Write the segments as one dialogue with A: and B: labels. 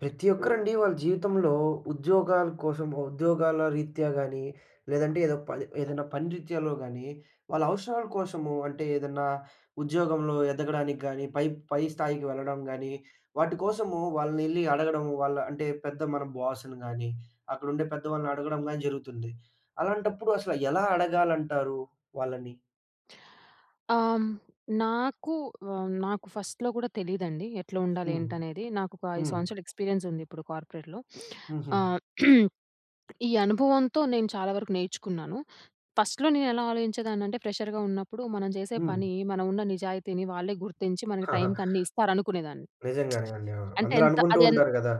A: ప్రతి ఒక్కరండి వాళ్ళ జీవితంలో ఉద్యోగాల కోసం, ఉద్యోగాల రీత్యా గాని లేదంటే ఏదో పలి ఏదైనా పని రీత్యాలో గానీ వాళ్ళ అవసరాల కోసము, అంటే ఏదన్నా ఉద్యోగంలో ఎదగడానికి గానీ పై పై స్థాయికి వెళ్ళడం గానీ వాటి కోసము వాళ్ళనెళ్లి అడగడం. వాళ్ళ అంటే పెద్ద మన బాస్‌ని గానీ అక్కడ ఉండే పెద్ద వాళ్ళని అడగడం గానీ జరుగుతుంది. అలాంటప్పుడు అసలు ఎలా అడగాలంటారు వాళ్ళని?
B: ఆ! హ్మ్. నాకు హ్మ్. నాకు ఫస్ట్‌‌‌‌‌‌‌‌‌‌లో కూడా తెలీదండి. ఎట్ల ఉండాలి?
A: హ్మ్.
B: ఏంటి? అనేది. నాకు ఒక 5
A: హ్మ్.
B: సంవత్సరాలు ఎక్స్పీరియన్స్ ఉంది ఇప్పుడు కార్పొరేట్‌లో.
A: హుహు.
B: ఆహ్, ఈ అనుభవంతో నేను చాలా వరకు నేర్చుకున్నాను. ఫస్ట్‌‌‌‌‌‌‌‌‌‌లో నేను ఎలా ఆలోచించేదాన్ని అంటే ఫ్రెషర్‌గా ఉన్నప్పుడు. మనం చేసే
A: హ్మ్.
B: పని మనం ఉన్న నిజాయితీని వాళ్ళే గుర్తించి మనకు టైంకి అన్ని ఇస్తారు అనుకునేదాన్ని.
A: నిజంగానే అండి. అవును.
B: అంటే
A: అందరూ
B: ఎంత
A: అనుకుంటూ
B: అది ఎం
A: ఉంటారు కదా!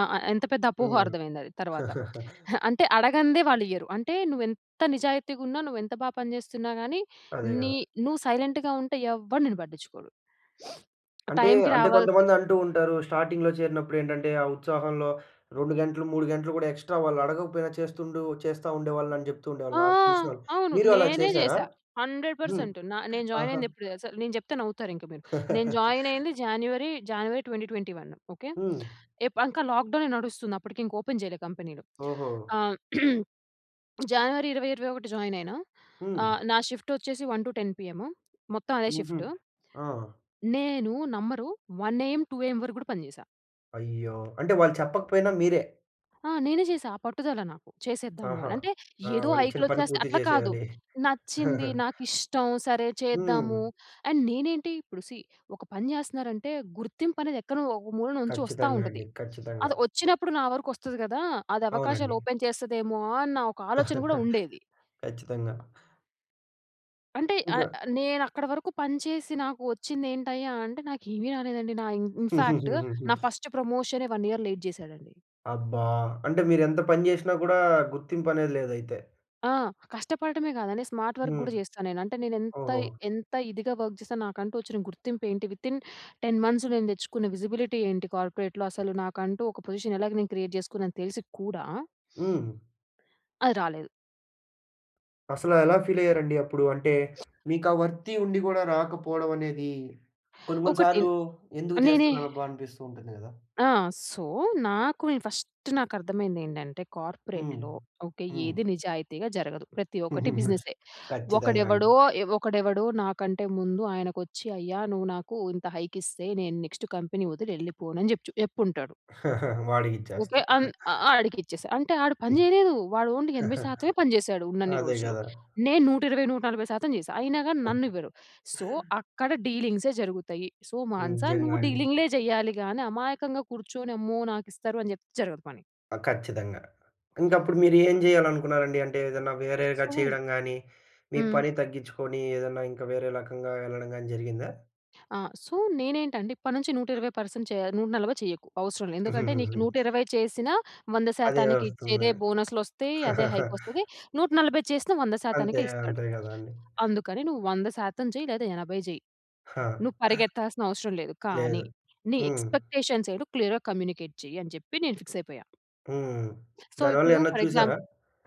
B: ఆ! అ ఎంత పెద్ద అపోహో
A: హ్మ్.
B: అర్థం అయింది అది తర్వాత. అంటే అడగనిదే వాళ్ళు ఇయ్యరు. అంటే నువ్వు ఎంత నిజాయితీగా ఉన్న నువ్వు ఎంత బాగా పని చేస్తున్నా గాని
A: అదే
B: నీ
A: గదా!
B: నువ్వు సైలెంట్‌గా ఉంటే ఎవ్వరు నిన్ను పట్టించుకోరు.
A: అంటే
B: టైం‌కి
A: అంటే
B: రావాల్సి
A: కొంతమంది అంటూ ఉంటారు. స్టార్టింగ్‌‌లో చేరినప్పుడు ఏంటంటే ఆ ఉత్సాహంలో 2 గంటలు, 3 గంటలు గూడా ఎక్స్ట్రా వాళ్ళు అడగకపోయినా చేస్తుండు చేస్తా ఉండేవాళ్ళు అని చెప్తూ
B: ఆ!
A: ఉండేవాళ్ళు నాకు తెలిసినోళ్ళు.
B: అవును.
A: మీరు అలా
B: నేనే
A: చేశారా?
B: జేశా. హండ్రెడ్
A: హ్మ్.
B: పర్సెంట్ న నేను జాయిన్
A: ఆహా!
B: అయింది ఎప్పుడు దెలుసా? నేను చెప్తే నవ్వుతారు ఇంక మీరు. నేను జాయిన్ అయింది జనవరి, జనవరి 2021 ఓకే.
A: హ్మ్.
B: ఎప్ ఇంకా లాక్ డౌనే నడుస్తుంది అప్పటికి. ఓపెన్ చేయలే కంపెనీలు.
A: ఓహో!
B: ఆహ్, జనవరి 2021 జాయిన్ అయినా.
A: హ్మ్.
B: ఆహ్, నా షిఫ్ట్ వచ్చేసి 1-10 పీఎం. మొత్తం అదే
A: హుహు.
B: షిఫ్ట్.
A: ఆ!
B: నేను నమ్మరు. 1 ఏయం, 2 ఏయం వరకు గూడా పని చేశా.
A: అయ్యో! అంటే వాళ్ళు చెప్పకపోయినా మీరే
B: ఆ! నేనే చేశా. ఆ పట్టుదల నాకు చేసేద్దాము
A: ఆహా!
B: అని. అంటే,
A: ఆ!
B: ఏదో
A: వాళ్ళు ఇచ్చిన పని
B: హైక్‌లోచ్చేస్తే
A: పూర్తి
B: అట్లా కాదు.
A: చేసేయాలి.
B: నచ్చింది, నాకిష్టం, సరే చేద్దాము.
A: హ్మ్.
B: అండ్ నేనేంటి ఇప్పుడు, సీ ఒక పని చేస్తున్నారంటే, గుర్తింపు అనేది, ఎక్కనో ఒక మూల నుంచి వస్తా
A: ఖచ్చితంగా!
B: ఉంటది.
A: అండి. ఖచ్చితంగా!
B: అది వచ్చినప్పుడు, నా వరకు వస్తది కదా! అది అవకాశాలు
A: అవునండి.
B: ఓపెన్ చేస్తదమో, అన్న ఒక ఆలోచన కూడా ఉండేది.
A: ఖచ్చితంగా!
B: అంటే ఆహ్,
A: ఇంకా.
B: ఆహ్, నేను అక్కడ వరకు పని చేసి, నాకు వచ్చింది ఏంటయ్యా అంటే, నాకు ఏమి రాలేదండి. నా ఇన్ ఇన్ఫాక్ట్, నా ఫస్ట్ ప్రమోషనే, 1 ఇయర్ లేట్ చేసాడండి.
A: అబ్బా! అంటే, మీరేంత పని చేసినా కూడా, గుర్తింపు అనేది లేదు, అయితే.
B: ఆ! కష్టపడడమే కాదండి, స్మార్ట్ వర్క్
A: హ్మ్.
B: గూడా చేస్తాను నేను. అంటే, నేను ఎంత,
A: ఓహో!
B: ఎంత ఇదిగా వర్క్ చేస్తాను. నాకంటూ వచ్చిన గుర్తింపు ఏంటి? వితిన్ 10 మంత్స్ నేను తెచ్చుకున్న విజిబిలిటీ ఏంటి? కార్పొరేట్‌లో. అసలు నాకంటూ ఒక పొజిషన్ ఎలాగ నేను క్రియేట్ చేసుకున్నానని, తెలిసి కూడా
A: హ్మ్.
B: అది రాలేదు.
A: అసలు ఎలా ఫీల్ అయ్యారండి? అప్పుడు అంటే, మీకా వర్తి ఉండి కూడా, రాకపోవడం అనేది. కొన్ని, కొన్ని
B: ఒకటిన్
A: సార్లు ఎందుకు
B: నేనే
A: చేస్తున్నారబ్బా! అనిపిస్తూ ఉంటుంది కదా?
B: ఆ! సో, నాకు నేను ఫస్ట్ నాకు అర్థమైంది ఏంటంటే,
A: హ్మ్,
B: కార్పొరేట్‌లో ఓకె.
A: హ్మ్.
B: ఏది నిజాయితీగా జరగదు. ప్రతి ఒక్కటి బిజినెసే.
A: ఖచ్చితంగా అండి.
B: ఒకడెవడో, ఎవ ఒకడెవడో, నాకంటే ముందు ఆయనకోచ్చి, "అయ్యా నువ్వు నాకు ఇంత హైక్ ఇస్తే, నేను నెక్స్ట్, కంపెనీ వదిలి వెళ్ళిపోనని, చెప్‌‌చు చెప్పుంటాడు.
A: వాడికి
B: ఓకె.
A: ఇచ్చేస్తారు.
B: అన్ ఆహ్, ఆడికి ఇచ్చేసా. అంటే, ఆడు పని
A: హ్మ్.
B: చేయలేదు. వాడు ఓన్లీ ఎనభై శాతమే పని చేశాడు, ఉన్నన్ని
A: అదే
B: రోజులు.
A: కదా.
B: నేను 120% 140% చేశా, అయినా గాని నన్ను ఇవ్వరు. సో, అక్కడ డీలింగ్సే జరుగుతయి. సో, మాన‌స,
A: నిజంగా
B: నువ్వు
A: అండి.
B: డీలింగ్‌లే చెయ్యాలి గాని, అమాయకంగా కూర్చొని, అమ్మో! నాకు ఇస్తారు అని చెప్ జరగదు పని.
A: ఆ! ఖచ్చితంగా! ఇంక అప్పుడు, మీరు ఏం చేయాలనుకున్నారండి? అంటే, ఏదన్నా వేరేగా
B: సొ
A: చేయడం గాని, మీ
B: హ్మ్.
A: పని తగ్గించుకొని ఏదన్నా ఇంకా వేరే రకంగా ఎళ్ళడం కాని జరిగిందా?
B: ఆ! సో, నేనేంటంటే, ఇప్పటి నుంచి 120% పర్సెంట్ చేయ 140 చేయకు, అవసరం లే. ఎందుకంటే, నీకు నూట ఇరవై చేసిన, 100%
A: అదే
B: శాతానికి
A: వస్తుందంది.
B: ఇచ్చేదే బోనస్‌లోస్తయి, అదే హైక్ వస్తది. 140 చేసినా 100%
A: అంతే,
B: శాతానికే ఇస్తాడు.
A: అంతే కదండీ.
B: అందుకని, నువ్వు 100% శాతం చెయి, లేదా 80 చేయి.
A: ఆ!
B: నువ్వు పరిగెత్తాల్సిన అవసరం లేదు. కానీ,
A: లేదు.
B: నీ
A: హ్మ్.
B: ఎక్స్పెక్టేషన్స్ ఏటో క్లియర్‌గా కమ్యూనికేట్ చెయ్యి, అని చెప్పి నేను ఫిక్స్ అయిపోయా.
A: హ్మ్.
B: సో,
A: దాని వల్ల
B: ఇప్పుడు
A: ఏమన్నా
B: ఫర్ ఎగ్జాం
A: చూసారా?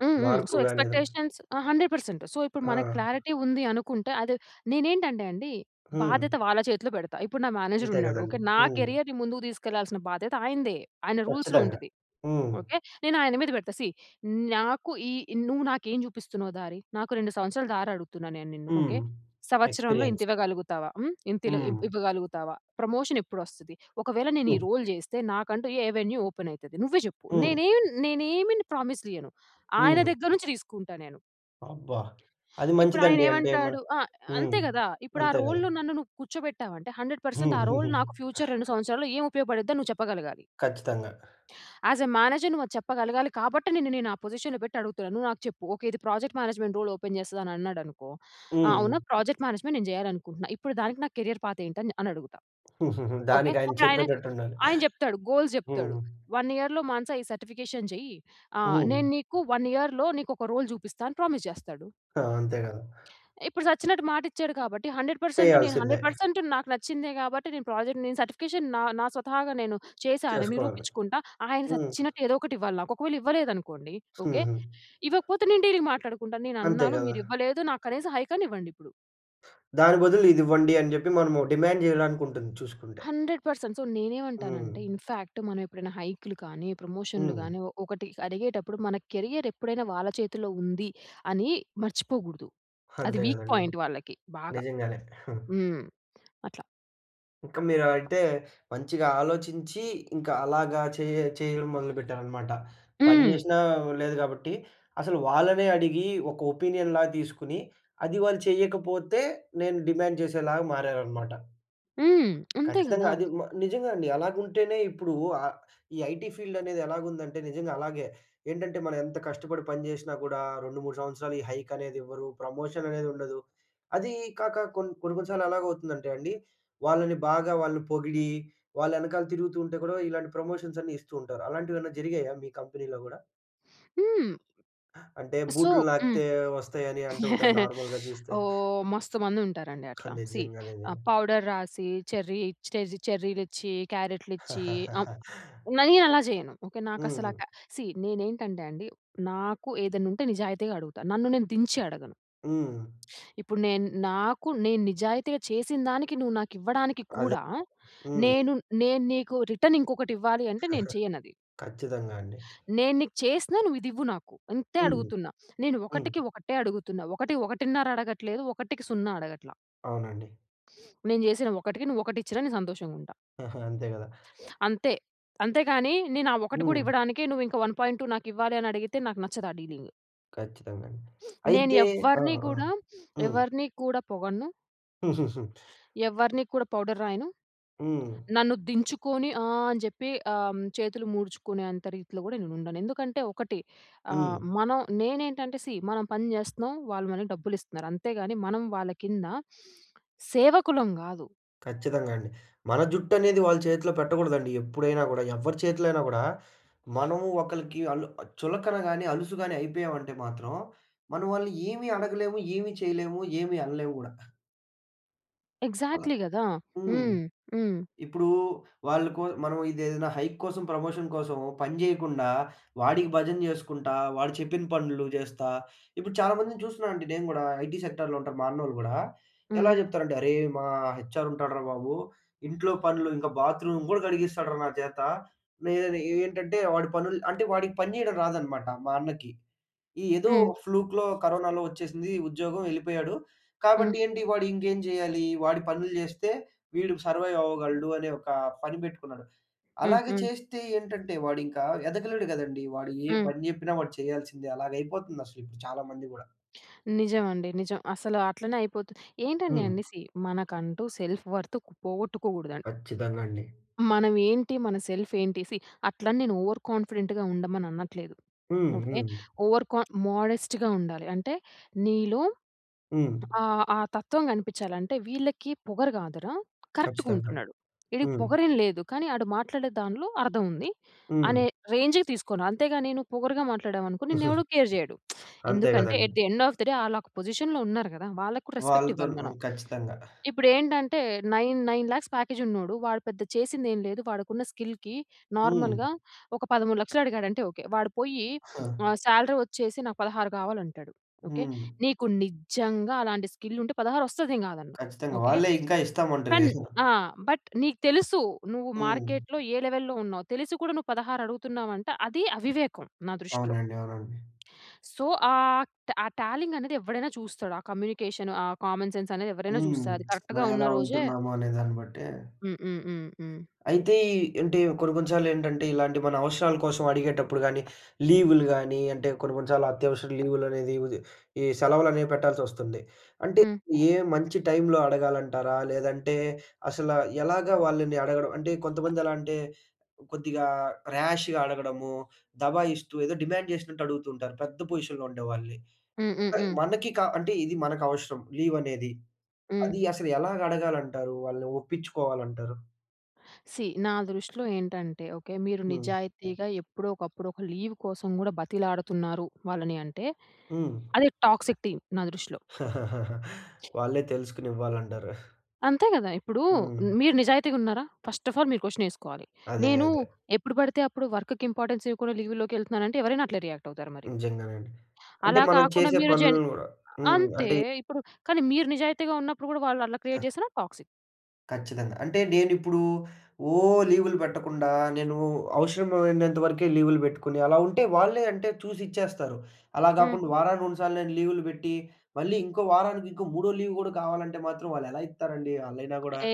B: హ్మ్, హ్మ్.
A: మార్పు
B: సో,
A: గాని ఏదన్న.
B: ఎక్స్పెక్టేషన్స్ ఆ! 100% సో, ఇప్పుడు మనకు
A: ఆ!
B: క్లారిటీ ఉంది అనుకుంటే, అది నేనేంటంటే అండి,
A: హ్మ్.
B: బాధ్యత వాళ్ళ చేతిలో పెడతా. ఇప్పుడు నా
A: ఇంతే
B: మేనేజరున్నాడు. ఓకె,
A: కదండీ.
B: నా
A: హ్మ్.
B: కేరియర్‌ని ముందుకు తీసుకెళ్ళాల్సిన బాధ్యత ఆయనదే. ఆయన రూల్స్‌లో
A: ఖచ్చితంగా!
B: ఉంటది.
A: హ్మ్.
B: ఓకె. నేను ఆయన మీద పెడతా సీ నాకు ఈ నువ్వు నాకు ఏమి చూపిస్తున్నావు దారి? నాకు, 2 సంవత్సరాల దారి అడుగుతున్నాను. నేను నిన్ను
A: హ్మ్.
B: ఓకె. సంవత్సరంలో ఇంత
A: ఎక్స్పీరియన్స్.
B: ఇవ్వగలుగుతావా? హ్మ్, ఇంతిలో ఇవ్
A: హ్మ్.
B: ఇవ్వగలుగుతావా? ప్రమోషన్ ఎప్పుడొస్తది? ఒకవేళ, నేను ఈ రోల్ జేస్తే, నాకంటూ ఏ వెన్యూ ఓపెనైతది? నువ్వే చెప్పు.
A: హ్మ్.
B: నేనేం నేనేమిని ప్రామిస్‌లు ఇయ్యను, ఆయన
A: హ్మ్.
B: దగ్గర నుంచి తీసుకుంటా నేను.
A: అబ్బా! అది
B: ఇప్పుడాయన
A: మంచిదండి అంటే, మ
B: ఏమంటాడు ఆహ్,
A: హ్మ్.
B: అంతే కదా! ఇప్పుడు ఆ
A: అంతే కదా!
B: రోల్‌లో నన్ను నువ్వు కూర్చోబెట్టావంటే, 100% పర్సెంట్ ఆ రోల్ నాకు ఫ్యూచర్ 2 సంవత్సరాల్లో ఏం ఉపయోగపడిద్దో నువ్వు చెప్పగలగాలి.
A: ఖచ్చితంగా!
B: ఆస్ ఎ మేనేజర్ నువ్వు అది చెప్పగలగాలి. కాబట్టి, నిన్ను నేను ఆ పొజిషన్‌లో పెట్టి అడుగుతున్నా. నువ్వు నాకు చెప్పు. ఓకె. ఇది ప్రాజెక్ట్ మేనేజ్మెంట్ రోల్ ఓపెన్ చేస్తాదన్నాడనుకో, ఆ!
A: హ్మ్.
B: అవునా ప్రాజెక్ట్ మేనేజ్మెంట్ నేను చేయాలనుకుంటున్నా. ఇప్పుడు దానికి నా కేరియర్ పాత్ ఏంటని, అని అడుగుతా. ఓకె.
A: దానికి ఆయన
B: ఆయన
A: చెప్పేటట్టుండాలి.
B: ఆయన చెప్తాడు. గోల్స్ చెప్తాడు.
A: హ్మ్.
B: 1 ఇయర్‌లో మానస ఈ సర్టిఫికేషన్ చెయ్యి ఆహ్,
A: హ్మ్.
B: నేను నీకు 1 ఇయర్‌లో నీకు ఒక రోల్ చూపిస్తా అని ప్రామిస్ చేస్తాడు.
A: ఆ! అంతే కదా!
B: ఇప్పుడు సచ్చినట్టు మాట ఇచ్చాడు. కాబట్టి 100% పర్సెంటు నేను
A: చేయాల్సిందే.
B: 100% పర్సెంట్ నాకు నచ్చిందే, కాబట్టి నేను ప్రాజెక్ట్ నేను సర్టిఫికేషన్ నా నా స్వతహాగా నేను చేశా అని
A: చేసుకోవాలి.
B: నిరూపించుకుంటా. ఆయన
A: హ్మ్.
B: సచ్చినట్టు ఏదోకటి ఇవ్వాలి నాకు. ఒకవేళ ఇవ్వలేదు అనుకోండి, ఓకే. ఇవ్వకపోతే నేను డీలింగ్ మాట్లాడుకుంటాను. నేను
A: అంతే
B: అన్నాను.
A: కదా!
B: మీరు ఇవ్వలేదు. నాకు కనీసం హైక్ అన్న ఇవ్వండి ఇప్పుడు.
A: దాని బదులు ఇది ఇవ్వండి, అని చెప్పి, మనము డిమాండ్ చేయడానికి ఉంటుంది చూసుకుంటే.
B: 100% సో,
A: హ్మ్.
B: నేనేమంటానంటే, ఇన్‌ఫాక్ట్ మనం ఎప్పుడైనా హైక్‌లు కానీ, ప్రమోషన్‌లు
A: హ్మ్.
B: గాని, ఒ ఒకటి అడిగేటప్పుడు, మన కెరియర్ ఎప్పుడైనా వాళ్ళ చేతిలో ఉంది, అని మర్చిపోకూడదు. అది
A: అంతే
B: వీక్
A: కదండీ!
B: పాయింట్ వాళ్ళకి. బాగా.
A: నిజంగానే.
B: హ్మ్. అట్లా.
A: ఇంకా మీరు అలాయితే, మంచిగా ఆలోచించి, ఇంకా అలాగా చే చేయడం మొదలుపెట్టారన్నమాట. పని
B: హ్మ్.
A: చేసినా లేదు కాబట్టి, అసలు వాళ్ళనే అడిగి, ఒక ఒపీనియన్‌లాగా తీసుకొని, అది వాళ్ళు చేయకపోతే, నేను డిమాండ్ చేసేలాగా మారారన్నమాట.
B: హ్మ్. అంతే
A: ఖచ్చితంగా
B: కదా!
A: అది. మ నిజంగా అండి. అలాగుంటేనే, ఇప్పుడు ఆహ్, ఈ ఐటీ ఫీల్డ్ అనేది ఎలాగుందంటే, నిజంగా అలాగే ఏంటంటే, మనం ఎంత కష్టపడి పని చేసినా కూడా, 2, 3 సంవత్సరాలు ఈ హైక్ అనేది ఇవ్వరు, ప్రమోషన్ అనేది ఉండదు. అది కాక కొన్ కొన్ని, కొన్ని సార్లు ఎలాగౌవుతుందంటే అండి, వాళ్ళని బాగా వాళ్ళని పొగిడి, వాళ్ళ ఎనకాల తిరుగుతూ ఉంటే కూడా, ఇలాంటి ప్రమోషన్స్ అన్నీ ఇస్తూ ఉంటారు. అలాంటివి ఏమన్నా జరిగాయా మీ కంపెనీలో కూడా?
B: హ్మ్.
A: అంటే
B: సొ
A: బూట్లు
B: హ్మ్,
A: నాకితే, వస్తాయని అంటూ ఉంటారు. నార్మల్‌గా చూస్తే.
B: ఓహ్! మస్తు మంది ఉంటారండి
A: ఆ!
B: అట్లా. సీ, ఆహ్,
A: నిజంగానేనండి.
B: పౌడర్ రాసి, చెర్రీ ఇ చెర్రీ చెర్రీలిచ్చి, క్యారెట్‌లిచ్చి ఆహ్, మరీ అలా చేయను. ఓకే, నాకసలు
A: హ్మ్.
B: అకె సీ, నేనేంటంటే అండి, నాకు ఏదన్నా ఉంటే, నిజాయితీగా అడుగుతాను. నన్ను నేను దించి అడగను.
A: హ్మ్.
B: ఇప్పుడు, నేన్ నాకు, నేను నిజాయితీగా చేసినదానికి, నువ్వు నాకు ఇవ్వడానికి
A: అదే.
B: కూడా,
A: హ్మ్.
B: నేను, నేను నీకు రిటర్న్ ఇంకొకటి ఇవ్వాలి అంటే, నేను చేయను అది.
A: ఖచ్చితంగా అండి.
B: నేను నీకు చేసినా, నువ్వు ఇది ఇవ్వు నాకు. అంతే
A: హ్మ్,
B: అడుగుతున్నా. నేను,
A: హ్మ్.
B: ఒకటికి ఒకటే అడుగుతున్నా. 1, 1 ½ అడగట్లేదు, ఒకటికి సున్నా అడగట్ల.
A: అవునండి.
B: నేను చేసిన ఒకటికి నువ్వు ఒకటి ఇచ్చినా, నేను సంతోషంగుంటా.
A: ఆహా! అంతే కదా!
B: అంతే. అంతే గాని, నేను ఆ ఒక్కటి కూడా
A: హ్మ్.
B: ఇవ్వడానికే, నువ్వు ఇంక 1.2 నాకు ఇవ్వాలి అని అడిగితే, నాకు నచ్చదు ఆ డీలింగ్.
A: ఖచ్చితంగా అండి.
B: నేను
A: అయితే ఆ!
B: ఎవ్వరిని
A: ఆ!
B: గూడా,
A: హ్మ్.
B: ఎవరిని కూడా పొగడను. ఎవ్వరిని కూడా పౌడర్ రాయను.
A: హ్మ్.
B: నన్ను దించుకొని ఆహ్, అని జెప్పి అమ్ చేతులు ముడుచుకునే అంత రీతిలో గూడా నేను ఉండను. ఎందుకంటే ఒకటి, ఆహ్,
A: హ్మ్.
B: మనం నేనేంటంటే సీ, మనం పని జేస్తున్నాం. వాళ్ళు మనకు డబ్బులు ఇస్తున్నారు. అంతే గాని మనం వాళ్ళ కింద, సేవకులం గాదు.
A: ఖచ్చితంగా అండి. మన జుట్టు అనేది వాళ్ళ చేతిలో పెట్టకూడదండి, ఎప్పుడైనా గూడా. ఎవ్వరి చేతిలో అయినా గూడా. మనము ఒకలికి అలు ఆహ్, చులకన గాని, అలుసు గాని అయిపోయామంటే మాత్రం, మనం వాళ్ళని ఏమి అడగలేము, ఏమి చేయలేము, ఏమి అనలేము గూడా. అలా
B: ఎక్సాక్ట్‌లీ గదా!
A: హ్మ్.
B: హ్మ్, హ్మ్.
A: ఇప్పుడు వాళ్ళకో మనం ఇదేదైనా హైక్ కోసం ప్రమోషన్ కోసమో పనిజేయకుండా, వాడికి భజన జేసుకుంటా, వాడు చెప్పిన పనులు జేస్తా, ఇప్పుడు చాలామందిని చూస్తున్నానండి నేను గూడా, ఐటీ సెక్టార్‌లో ఉంటారు, మా అన్నోళ్ళు గూడా. ఎలా
B: హ్మ్.
A: చెప్తారంటే, అరేయ్! మా హెచ్ఆర్ ఉంటాడురా బాబు, ఇంట్లో పనులు, ఇంక బాత్రూమ్ గూడా కడిగిస్తాడురా, నా చేత. నేనని ఏ ఏంటంటే, వాడి పనులు అంటే, వాడికి పని జేయడం రాదనమాట, మా అన్నకి. ఏదో
B: హ్మ్.
A: ఫ్లూక్‌లో కరోనాలో వచ్చేసింది, ఉద్యోగం ఎళ్ళిపోయాడు.
B: హ్మ్.
A: కాబట్టి ఏంటి, వాడు ఇంకేం జేయాలి? వాడి పనులు జేస్తే, వీడు సర్వైవ్ అవ్వగలడు అనే ఒక పని పెట్టుకున్నాడు. అలాగే
B: హుహు.
A: చేస్తే ఏంటంటే, వాడు ఇంకా ఎదగలేడు కదండీ! వాడు ఏ
B: హ్మ్.
A: పని జెప్పినా వాడు చేయాల్సిందే. అలాగా అయిపోతుంది అసలు‌కి, ఇప్పుడు చాలా మంది‌కి గూడా.
B: నిజమండి, నిజం. అసల అట్లనే అయిపోతుది. ఏంటండి
A: హ్మ్.
B: అంటే, సీ, మనకంటూ సెల్ఫ్ వర్త్‌కు పోగొట్టుకోగూడదండి.
A: ఖచ్చితంగా అండి.
B: మనం ఏంటి, మన సెల్ఫ్ ఏంటి సీ, అట్లని నేను ఓవర్ కాన్ఫిడెంట్‌గా ఉండమని అనట్లేదు,
A: హ్మ్,
B: ఓకే.
A: హ్మ్.
B: ఓవర్ కాన్ మోడెస్ట్‌గా ఉండాలి. అంటే, నీలో
A: హ్మ్.
B: ఆ, ఆ తత్వం గనిపిచ్చాలి. అంటే, "వీళ్ళకి పొగరు గాదురా!
A: ఖచ్చితంగా అండి.
B: కరెక్ట్‌‌గుంటున్నాడు. వీడికి
A: హ్మ్.
B: పొగరేం లేదు. కానీ, ఆడు మాట్లాడే దాన్లో అర్థం ఉంది." అనే
A: హ్మ్.
B: రేంజ్‌కి తీసుకొనా. అంతేగాని నువు పొగరుగా మాట్లాడవనుకో, నిన్ను ఎవడు కేర్ జేయడు.
A: అంతే
B: ఎందుకంటే,
A: గదండీ!
B: At the end of the day ఆళ్ళక పొజిషన్‌లో ఉన్నారు గదా! వాళ్ళకి కూడా రెస్పెక్ట్ ఇవ్వాలి
A: వాళ్ళతోని ఆ!
B: మనం.
A: ఖచ్చితంగా.
B: ఇప్పుడు ఏంటంటే, నైన్ నైన్ లాక్స్ ప్యాకేజ్ ఉన్నోడు. వాడు పెద్ద చేసింది ఏమి లేదు. వాడికున్న స్కిల్‌కి
A: హ్మ్.
B: నార్మల్‌గా ఒక 13,00,000 అడిగాడంటే ఓకె. వాడు పోయి ఆహ్, సాలరీ వచ్చేసి నాకు 16 కావాలంటాడు, ఓకె.
A: హ్మ్.
B: నీకు నిజంగా అలాంటి స్కిల్ ఉంటే పదహారోస్తది నేను గాదన్న,
A: ఖచ్చితంగా.
B: ఓకె.
A: వాళ్ళే ఇంకా ఇస్తామంటరు,
B: కాన్
A: ఇంగ.
B: ఆ! బట్ నీకు తెలుసు నువ్వు
A: హ్మ్.
B: మార్కెట్‌‌లో ఏ లెవెల్‌లో ఉన్నావు. తెలిసి కూడా నువ్వు 16 అడుగుతున్నావు అంటే, అది అవివేకం నా దృష్టిలో.
A: అవునండి, అవునండి.
B: సో, ఆహ్, ఆ టాలింగ్ అనేది ఎవడైనా చూస్తాడు. ఆ కమ్యూనికేషన్ ఆ కామన్ సెన్స్ అనేది ఎవరైనా
A: హ్మ్.
B: చూస్తారు. అది కరెక్ట్‌గా
A: మనం
B: ఉన్న
A: ఎలా
B: రోజే
A: ఉంటున్నామో అనేదాన్ని బట్టే
B: హ్మ్, హ్మ్, హ్మ్. హ్మ్.
A: అయితే, ఈ అంటే, కొన్ని, కొన్ని సార్లు ఏంటంటే, ఇలాంటి మన అవసరాల కోసం అడిగేటప్పుడు గాని, లీవులు గాని, అంటే కొన్ని, కొన్ని సార్లు అత్యవసర లీవులు అనేది వుది ఈ సెలవులనేవి పెట్టాల్సి వస్తుంది. అంటే,
B: హ్మ్.
A: ఏ మంచి టైమ్‌లో అడగాలంటారా? లేదంటే, అసల ఎలాగా వాళ్ళని అడగడం అంటే, కొంతమంది ఎలా అంటే, కొద్దిగా ర్యాష్‌గా అడగడము దబాయిస్తూ, ఏదో డిమాండ్ జేసినట్టు అడుగుతూ ఉంటారు. పెద్ద పొజిషన్‌లో ఉండేవాళ్ళని.
B: హ్మ్, హ్మ్, హ్మ్.
A: మనకి కా అంటే, ఇది మనకవసరం, లీవ్ అనేది.
B: హ్మ్.
A: అది అసలు ఎలాగ అడగాలంటారు? వాళ్ళు ఒప్పించుకోవాలంటారు?
B: సీ, నా దృష్టిలో ఏంటంటే, ఓకే, మీరు
A: హ్మ్.
B: నిజాయితీగా ఎప్పుడో ఒకప్పుడు ఒక లీవ్ కోసం కూడా బతిలాడుతున్నారు, వాళ్ళని అంటే?
A: హ్మ్.
B: అది టాక్సిక్ టీం, నా దృష్టిలో.
A: వాళ్ళే తెలుసుకొని ఇవ్వాలంటారు.
B: అంతే కదా! ఇప్పుడు
A: హ్మ్.
B: మీరు నిజాయితీగా ఉన్నారా? ఫస్ట్ అఫ్ ఆల్ మీరు క్వెషన్ వేసుకోవాలి.
A: అదే,
B: నేను,
A: అదే.
B: ఎప్పుడు పడితే అప్పుడు వర్క్‌కి ఇంపార్టెన్స్ ఇవ్వకుండా లీవ్ లోకెళ్తున్నాను అంటే, ఎవరైనా అట్లే రియాక్ట్ అవుతారు మరి.
A: నిజంగానండి. అంటే,
B: అలా
A: మనం
B: కాకుండా,
A: చేసే
B: మీరు జెన్
A: పనులను కూడా హ్మ్,
B: అంతే.
A: అంటే
B: ఇప్పుడు, కానీ మీరు నిజాయితీగా ఉన్నప్పుడు కూడా, వాళ్ళు అలా
A: ఆ!
B: క్రియేట్ చేసిన టాక్సిక్.
A: ఖచ్చితంగా. అంటే నేను ఇప్పుడు, ఓ లీవులు పెట్టకుండా, నేను అవసరమైనంత వరకే లీవులు పెట్టుకొని, అలా ఉంటే వాళ్ళే అంటే చూసి ఇచ్చేస్తారు. అలా
B: హ్మ్.
A: కాకుండా వారానికి, రెండు సార్లు నేను లీవులు పెట్టి, మళ్ళీ ఇంకో వారానికి ఇంకో మూడో లీవ్ కూడా, కావాలంటే మాత్రం వాళ్ళు ఎలా ఇత్తారండి, ఆళ్ళైన కూడా.
B: ఏ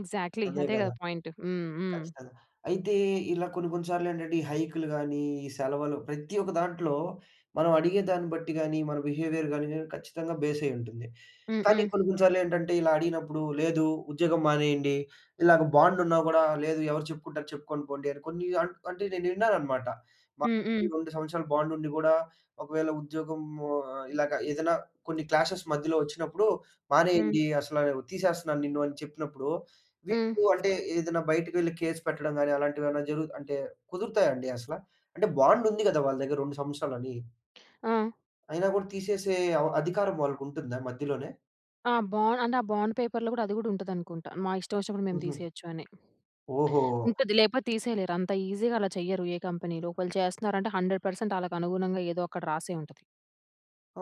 B: ఎక్సాక్ట్‌లీ
A: అదే
B: అదే
A: కదా!
B: కదా పాయింటు. హ్మ్, హ్మ్.
A: ఖచ్చితంగా. అయితే ఇలా కొన్ని, కొన్ని సార్లు ఏంటంటే, ఈ హైక్‌లు గాని, ఈ సెలవలు ప్రతి ఒక్క దాంట్లో, మనం అడిగేదాన్ని బట్టి గాని, మన బిహేవియర్ గాని ఖచ్చితంగా బేసయ్యి ఉంటుంది.
B: హ్మ్,
A: కానీ
B: హ్మ్.
A: కొన్ని, కొన్ని సార్లేంటంటే ఇలా అడిగినప్పుడు, లేదు ఉద్యోగం మానేయండి. ఇలాగ బాండ్ ఉన్నా కూడా, లేదు ఎవరికి చెప్పుకుంటారు చెప్పుకొని పోండి. అని, కొన్ని అంట్ అంటే నేను ఇన్నానన్నమాట.
B: హ్మ్,
A: ఒకటి
B: హ్మ్.
A: రెండు సంవత్సరాలు బాండ్ ఉండి కూడా, ఒకవేళ ఉద్యోగము ఇలాగ ఏదైనా కొన్ని క్లాషెస్ మధ్యలో వచ్చినప్పుడు,
B: హ్మ్.
A: "మానేయండి, అసలు తీసేస్తున్నాను నిన్ను," అని చెప్పినప్పుడు
B: హ్మ్.
A: వీళ్ళు అంటే ఏదైనా బయటికి వెళ్లి కేస్ పెట్టడం గాని అలాంటివి జరుగు అంటే కుదురుతాయండి అసల? అంటే బాండ్ ఉంది కదా! వాళ్ళ దగ్గర, 2 సంవత్సరాలు అని.
B: ఆ!
A: అయినా కూడా తీసేసే, అవ అధికారం వాళ్ళకి ఉంటుందా? మధ్యలోనే?
B: ఆ! బాండ్ అంటే, ఆ బాండ్ పేపర్‌లో గూడా అది గూడా ఉంటదనుకుంటా! మా ఇష్టమొచ్చినప్పుడు మేము
A: హుహు.
B: తీసేయొచ్చు అని.
A: ఓహో!
B: ఉంటది. లేపో తీసేయలేరు, అంత ఈజీగా అలా చెయ్యరు, ఏ కంపెనీలో. ఒకేళ చేస్త్నారంటే, 100% ఆళ్ళకనుగుణంగా ఏదో అక్కడ రాసే ఉంటది.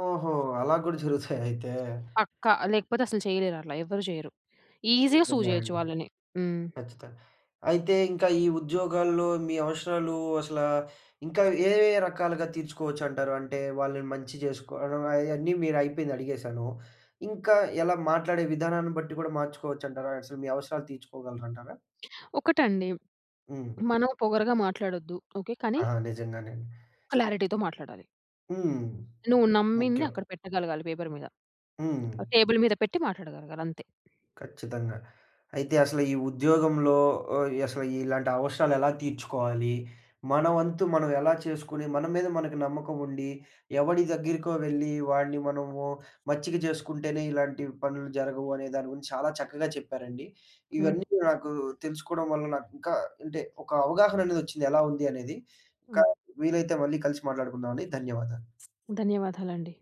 A: ఓహో! అలా కూడా జరుగుతాయా అయితే?
B: పక్కా. లేకపోతే అస్సలు చేయలేరట్లా, ఎవ్వరు చేయరు. ఈజీగా సూ
A: నిజంగా
B: చేయొచ్చు
A: అండి.
B: వాళ్ళని. హ్మ్.
A: ఖచ్చిత అయితే, ఇంకా ఈ ఉద్యోగాల్లో మీ అవసరాలు అసలా, ఇంకా ఏ, ఏ రకాలుగా తీర్చుకోవచ్చంటారు? అంటే, వాళ్ళని మంచి చేస్కో [unintelligible] అన్నీ మీరయిపోయింది అడిగేశాను. ఇంకా ఎలా? మాట్లాడే విధానాన్ని బట్టి కూడా మార్చుకోవచ్చంటారా? అసలు మీ అవసరాలు తీర్చుకోగలరంటారా?
B: ఒకటండి.
A: హ్మ్.
B: మనం పొగరుగా మాట్లాడొద్దు ఓకే. కానీ...
A: ఆహా! నిజంగానే అండి.
B: క్లారిటీతో మాట్లాడాలి.
A: హ్మ్.
B: నువ్వు నమ్మింది
A: ముఖ్యం.
B: అక్కడ పెట్టగలగాలి, పేపర్ మీద.
A: హ్మ్.
B: ఆహ్, టేబుల్ మీద పెట్టి మాట్లాడగలగాలి అంతే.
A: ఖచ్చితంగా. అయితే, అసలు ఈ ఉద్యోగంలో ఓహ్, అసలు ఇలాంటి అవసరాలు ఎలా తీర్చుకోవాలి? మన వంతు మనం ఎలా చేసుకొని, మన మీద మనకి నమ్మకం ఉండి, ఎవడి దగ్గరికో వెళ్లి, వాడిని మనము మచ్చిక చేస్కుంటేనే, ఇలాంటి పనులు జరగవు అనే దాని గురించి, చాలా చక్కగా చెప్పారండి.
B: హ్మ్.
A: ఇవన్నీ కూడా నాకు, తెలుసుకోడం వల్ల నాకింకా అంటే, ఒక అవగాహన అనేదొచ్చింది, ఎలా ఉంది అనేది. ఇంకా
B: హ్మ్.
A: వీలైతే మళ్ళీ కలిసి మాట్లాడుకుందామండి. ధన్యవాదాలు.
B: ధన్యవాదాలండి.